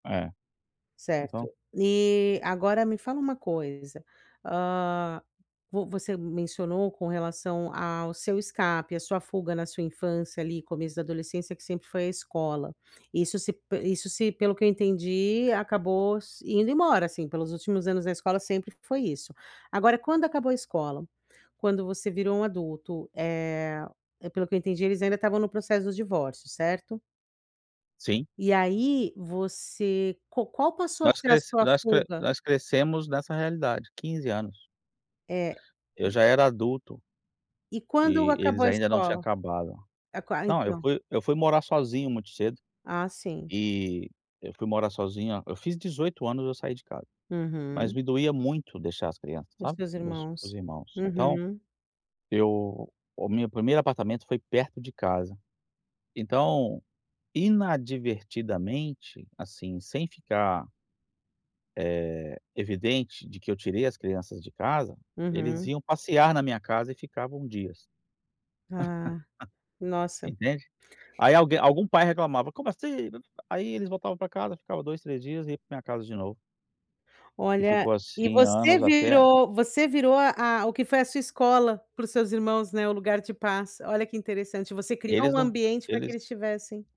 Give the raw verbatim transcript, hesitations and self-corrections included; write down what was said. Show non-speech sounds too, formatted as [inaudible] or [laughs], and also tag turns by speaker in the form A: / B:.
A: É.
B: Certo,
A: Então
B: e agora me fala uma coisa, hã, vo você mencionou com relação ao seu escape, a sua fuga na sua infância ali começo da adolescência, que sempre foi à escola, isso se isso se pelo que eu entendi, acabou indo embora assim, pelos últimos anos na escola sempre foi isso, agora quando acabou a escola, quando você virou um adulto, eh, pelo que eu entendi eles ainda estavam no processo dos divórcios, certo?
A: Sim.
B: E aí você, qua qual passou a
A: Nós
B: ser a
A: cres
B: sua
A: nós cre
B: fuga?
A: nós crescemos nessa realidade, quinze anos.
B: É.
A: Eu
B: [unintelligible]
A: já era adulto.
B: E quando
A: E
B: acabou
A: eles
B: a
A: ainda não tinham
B: escola?
A: acabado. Não, eu
B: [unintelligible]
A: fui eu fui morar sozinho muito cedo.
B: Ah, sim.
A: E eu fui morar sozinho, eu fiz dezoito anos eu saí de casa, mas
B: Uhum.
A: me doía muito deixar as crianças,
B: Com os
A: sabe.
B: teus
A: Meus
B: irmãos,
A: irmãos. Então,
B: uhum.
A: eu o meu primeiro apartamento foi perto de casa. Então, inadvertidamente, assim, sem ficar Eh, evidente de que eu tirei as crianças de casa, eles
B: Uhum.
A: iam passear na minha casa e ficavam dias.
B: Ah,
A: [laughs]
B: nossa.
A: Entende? Aí alguém algum pai reclamava: "Como assim?" Aí eles voltavam para casa, ficava dois, três dias e ia para minha casa de novo. E
B: Olha,
A: ficou
B: e
A: assim
B: você
A: anos, até
B: virou você virou a o que foi a sua escola para os seus irmãos, né, o lugar de paz, olha que interessante, você criou
A: Eles
B: um
A: não
B: ambiente para que
A: eles
B: eles tivessem